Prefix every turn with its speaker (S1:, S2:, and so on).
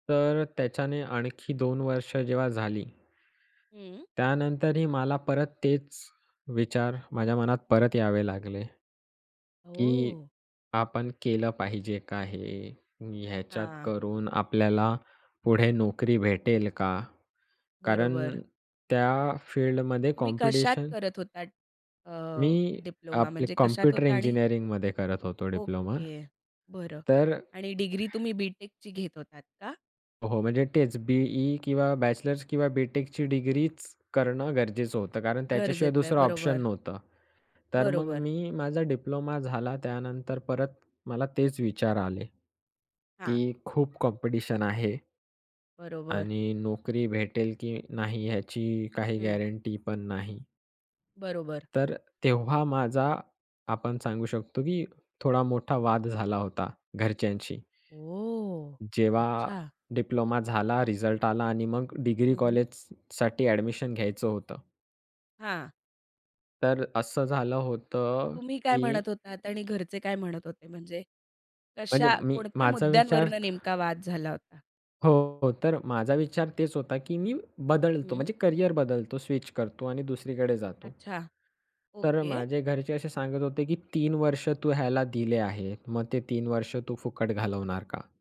S1: तर त्याच्याने आणखी 2 वर्ष जेव्हा झाली
S2: हं.
S1: त्यानंतरही मला परत तेच विचार माझ्या मनात परत यावे लागले. की
S2: ओह!
S1: आपण केलं पाहिजे का हे? ह्याच्यात
S2: हां.
S1: करून आपल्याला पुढे नोकरी भेटेल का? कारण
S2: बरोबर.
S1: त्या फील्डमध्ये
S2: तुम्ही कशात
S1: कॉम्पिटिशन
S2: करत होतात? अ,
S1: मी
S2: डिप्लोमा
S1: आपले
S2: म्हणजे कशात
S1: कॉम्प्युटर
S2: होता आणि
S1: इंजिनिअरिंगमध्ये करत होतो डिप्लोमा
S2: ओके. बरं.
S1: तर
S2: आणि डिग्री तुम्ही बी.टेकची घेत होतात का?
S1: हो. म्हणजे तेच बी.ई किंवा बॅचलर्स किंवा बी.टेकची डिग्रीच, करणं गरजेचं होतं कारण त्याच्याशिवाय
S2: गरजेचं आहे.
S1: दुसरं ऑप्शन
S2: बरोबर.
S1: नव्हतं. तर मग
S2: बरोबर.
S1: मी माझा डिप्लोमा झाला त्यानंतर परत मला तेच विचार आले.
S2: हां.
S1: की खूप कॉम्पिटिशन आहे.
S2: बरोबर.
S1: आणि नोकरी भेटेल की नाही याची काही
S2: हं.
S1: गॅरंटीपण नाही.
S2: बरोबर.
S1: तर तेव्हा माझा आपण सांगू शकतो की थोडा मोठा वाद झाला होता घरच्यांशी.
S2: ओह!
S1: जेव्हा
S2: अच्छा.
S1: डिप्लोमा झाला, रिझल्ट आला आणि मग डिग्री
S2: हं, हं.
S1: कॉलेज स साठी ॲडमिशन घ्यायचं होतं.
S2: हां.
S1: तर असं झालं होतं
S2: तुम्ही काय
S1: की
S2: म्हणत होतात आणि घरचे काय म्हणत होते? म्हणजे
S1: म्हणजे,
S2: कशा,
S1: मी
S2: कोणत्या
S1: माझा विचार
S2: मुद्यांवरनं
S1: तर
S2: नेमका वाद झाला होता?
S1: हो. तर माझा विचार तेच होता की मी बदलतो.
S2: हं.
S1: म्हणजे करिअर बदलतो स्विच करतो आणि दुसरीकडे जातो.
S2: अच्छा.
S1: तर
S2: ओके.
S1: माझे घरचे असे सांगत होते की 3 वर्ष तू ह्याला दिले आहे. मग ते 3 वर्ष तू फुकट घालवणार का?